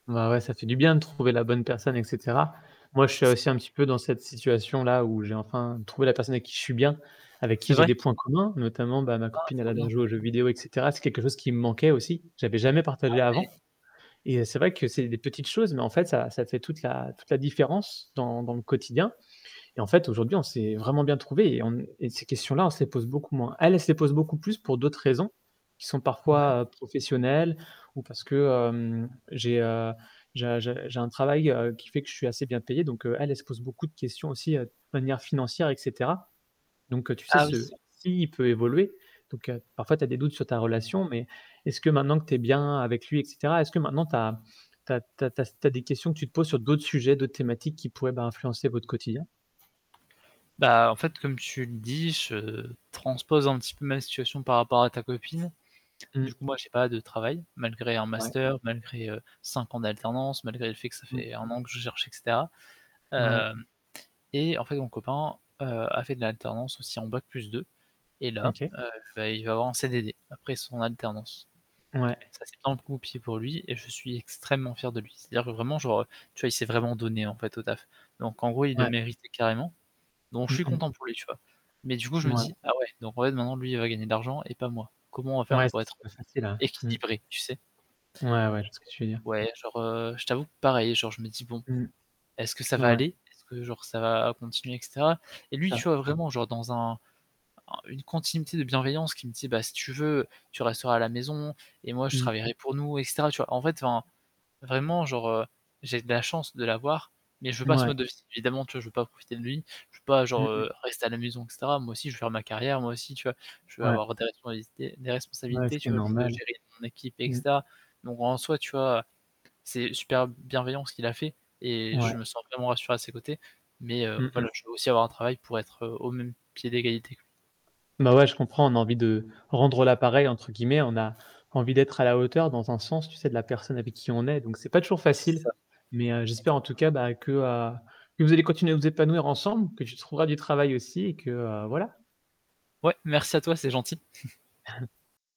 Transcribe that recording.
Ouais, ouais, ça fait du bien de trouver la bonne personne et cetera. Moi je suis C'est aussi un ça. petit peu dans cette situation-là où j'ai enfin trouvé la personne avec qui je suis bien, avec qui C'est j'ai vrai? des points communs notamment, bah, ma Ah! copine elle Trop adore bien. jouer aux jeux vidéo et cetera. C'est quelque chose qui me manquait aussi, j'avais jamais Ah, partagé avant. ouais! Et heu, c'est vrai que c'est des petites choses, mais en fait ça ça fait toute la toute la différence dans dans le quotidien. Et en fait aujourd'hui on s'est vraiment bien trouvés et on e et ces questions-là on se les pose beaucoup moins. Elle, elle se les pose beaucoup plus pour d'autres raisons, qui sont Ouais. parfois, heu, professionnelles ou parce que, heu, j'ai, heu j'ai un j'ai j'ai un travail, heu, qui fait que je suis assez bien payé donc heu, elle, elle se pose beaucoup de questions aussi, heu, de manière financière et cetera. Donc heu, tu sais Ah, oui! ce s'il peut évoluer, donc heu, parfois tu as des doutes sur ta relation mais est-ce que maintenant que tu es bien avec lui, et cetera, est-ce que maintenant tu as tu as tu as tu as s tu as des questions que tu te poses sur d'autres sujets, d'autres thématiques qui pourraient, ben, influencer votre quotidien? Bah, en fait, comme tu le dis, je transpose un petit peu ma situation par rapport à ta copine. Du Mmh. coup, moi j'ai pas de travail malgré un Ouais. master, malgré, heu, 5 ans d'alternance, malgré le fait que ça Mmh. fait 1 an que je cherche et cetera. Ouais. Hem, et en fait, mon copain, heu, a fait de l'alternance aussi en bac plus 2, et Mmh là, OK. heu, beh, il va avoir un CDD après son alternance. Ouais. Ça, c'est [unintelligible] pour lui, et je suis extrêmement fier de lui. C'est-à-dire que vraiment genre, heu, tu vois, il s'est vraiment donné en fait au taf. Donc en gros, il le Ouais. méritait carrément. Donc je Mmh suis mh. content pour lui, tu vois. Mais du coup, je me Ouais. dis: «Ah ouais, donc ouais, maintenant lui, il va gagner de l'argent et pas moi. Comment on va faire Ouais, pour c'est être, heu, pas facile, hein. Mmh. équilibrés?» tu sais? Ouais, ouais, je vois ce que tu veux dire. Ouais, genre, heu, je t'avoue pareil, genre je me dis: «Bon, Mmh. est-ce que ça va Ouais. aller? Est-ce que, genre, ça va continuer?» et cetera. Et lui, tu Ça vois vraiment genre dans un un une continuité de bienveillance qui me dit: «Bah, si tu veux, tu resteras à la maison et moi je Mmh. travaillerai pour nous», et cetera, tu vois? En fait, enfin vraiment genre, heu, j'ai de la chance de l'avoir, mais je veux pas ce Ouais. mode de vie. Évidemment, tu vois, je veux pas profiter de lui. Je veux pas Mmh genre, mh. heu, rester à la maison, et cetera, moi aussi, je veux faire ma carrière, moi aussi, tu vois. Je veux Ouais. avoir des responsabilités des Ouais, responsabilités, ce qui tu est vois, je veux normal. gérer mon équipe, et Mmh. cetera. Donc en soi, tu vois, c'est super b bienveillant ce qu'il a fait et Ouais. je me sens vraiment rassuré à ses côtés. Mais heu, Mmh voilà, mh. je veux aussi avoir un travail pour être, heu, au même pied d'égalité. Bah, ouais je comprends, on a envie de «rendre la pareille» entre guillemets, on a envie d'être à la hauteur dans un sens, tu sais, de la personne avec qui on est, donc c'est pas toujours C'est facile. ça. Mais heu, j'espère en tout Exactement. cas bah, que, heu, que vous allez continuer à vous épanouir ensemble, que tu trouveras du travail aussi et que, heu, voilà. Ouais. Merci à toi, c'est gentil.